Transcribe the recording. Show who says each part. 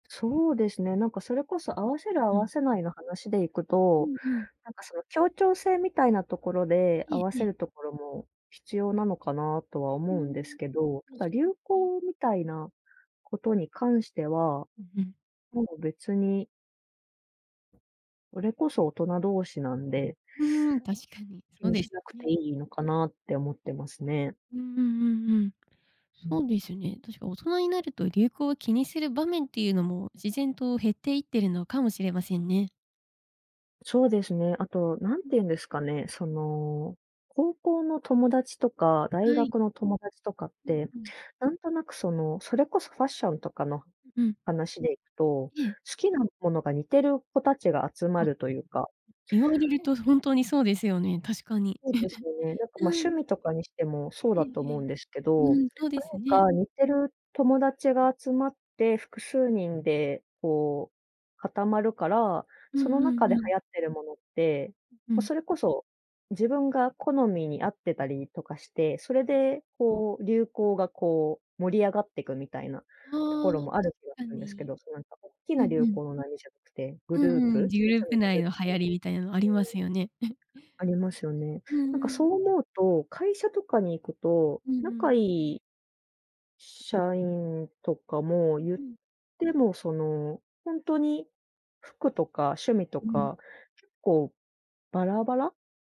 Speaker 1: そうですね、なんかそれこそ合わせる合
Speaker 2: う
Speaker 1: わ
Speaker 2: ん。
Speaker 1: せないの話でいく
Speaker 2: う
Speaker 1: と、
Speaker 2: んうん。
Speaker 1: なんかその、協調性みたいなところで
Speaker 2: え
Speaker 1: 合
Speaker 2: え
Speaker 1: わ
Speaker 2: え
Speaker 1: せ
Speaker 2: え。
Speaker 1: るところも、必要なのかなとは
Speaker 2: ふー
Speaker 1: 思うんです
Speaker 2: ん、
Speaker 1: けど、た
Speaker 2: 確
Speaker 1: だ
Speaker 2: か
Speaker 1: 流
Speaker 2: に。
Speaker 1: 行みたいなことに関しては、
Speaker 2: うんうん。
Speaker 1: もう別にそれこそ大人同士なんで
Speaker 2: うーん、確かに。
Speaker 1: 気
Speaker 2: そう
Speaker 1: に
Speaker 2: です
Speaker 1: しなく
Speaker 2: よ
Speaker 1: て
Speaker 2: ね。
Speaker 1: いいのかなって思ってますね。
Speaker 2: うんうんうんうん。
Speaker 1: う
Speaker 2: そ
Speaker 1: ん。
Speaker 2: うですよね。確か大人になると流行を気にする場面っていうのも、自然と減っていっているのかもしれませんね。
Speaker 1: そうですね、あと何
Speaker 2: う
Speaker 1: て
Speaker 2: ん、
Speaker 1: 言うんですかね、そ
Speaker 2: うん。
Speaker 1: の、高校の友達とか大
Speaker 2: はい。
Speaker 1: 学の友達とかっ
Speaker 2: うん
Speaker 1: て、
Speaker 2: うん。
Speaker 1: 何となくそのそれこそファッションとかの
Speaker 2: うん。
Speaker 1: 話でいくと、好
Speaker 2: ええ。
Speaker 1: きなものが似てる子達が集ま
Speaker 2: あっ、
Speaker 1: るというか
Speaker 2: 言われるとほんとにそうですよね、確かに。
Speaker 1: そうですよね、なんかま、
Speaker 2: う
Speaker 1: 趣
Speaker 2: ん。
Speaker 1: 味とかにしてもそう
Speaker 2: う
Speaker 1: だ
Speaker 2: ん
Speaker 1: と思うんですけ
Speaker 2: う
Speaker 1: ど、な
Speaker 2: ん。
Speaker 1: ん
Speaker 2: うん、そうですね。
Speaker 1: か似てる友達が集まって複数人でこう固まるから、
Speaker 2: う
Speaker 1: そ
Speaker 2: ん
Speaker 1: の
Speaker 2: う
Speaker 1: 中
Speaker 2: ん
Speaker 1: で
Speaker 2: うん。
Speaker 1: 流行ってるものって、
Speaker 2: う
Speaker 1: ま、
Speaker 2: ん。
Speaker 1: それこそ自分が好みに合ってたりとかして、それ
Speaker 2: う
Speaker 1: で
Speaker 2: ん。
Speaker 1: こう流行がこう盛り上がってくみたいなと
Speaker 2: あ
Speaker 1: こ
Speaker 2: あ、
Speaker 1: ろ
Speaker 2: 確
Speaker 1: もある気が
Speaker 2: か
Speaker 1: するんですけ
Speaker 2: に。
Speaker 1: ど、そのなんか大き
Speaker 2: う
Speaker 1: な
Speaker 2: ん
Speaker 1: 流
Speaker 2: うん。
Speaker 1: 行の波じゃなくて、グ
Speaker 2: う
Speaker 1: ルー
Speaker 2: んうん。
Speaker 1: プ
Speaker 2: グ
Speaker 1: それ
Speaker 2: ル
Speaker 1: ぞ
Speaker 2: ー
Speaker 1: れ
Speaker 2: プ
Speaker 1: のグ
Speaker 2: 内
Speaker 1: ループ。
Speaker 2: の
Speaker 1: ってい
Speaker 2: 流行りみたいなのありますよね。
Speaker 1: う。ありますよ ね。
Speaker 2: う
Speaker 1: なん
Speaker 2: ん
Speaker 1: か
Speaker 2: う
Speaker 1: そ
Speaker 2: ん。
Speaker 1: う思うと、会社とかに行くと
Speaker 2: うんう
Speaker 1: 仲い
Speaker 2: ん。
Speaker 1: い社員とかも
Speaker 2: うん
Speaker 1: 言っ
Speaker 2: うん。
Speaker 1: ても、そのほんとに服とか趣味と
Speaker 2: うん。
Speaker 1: か結構バラバラ。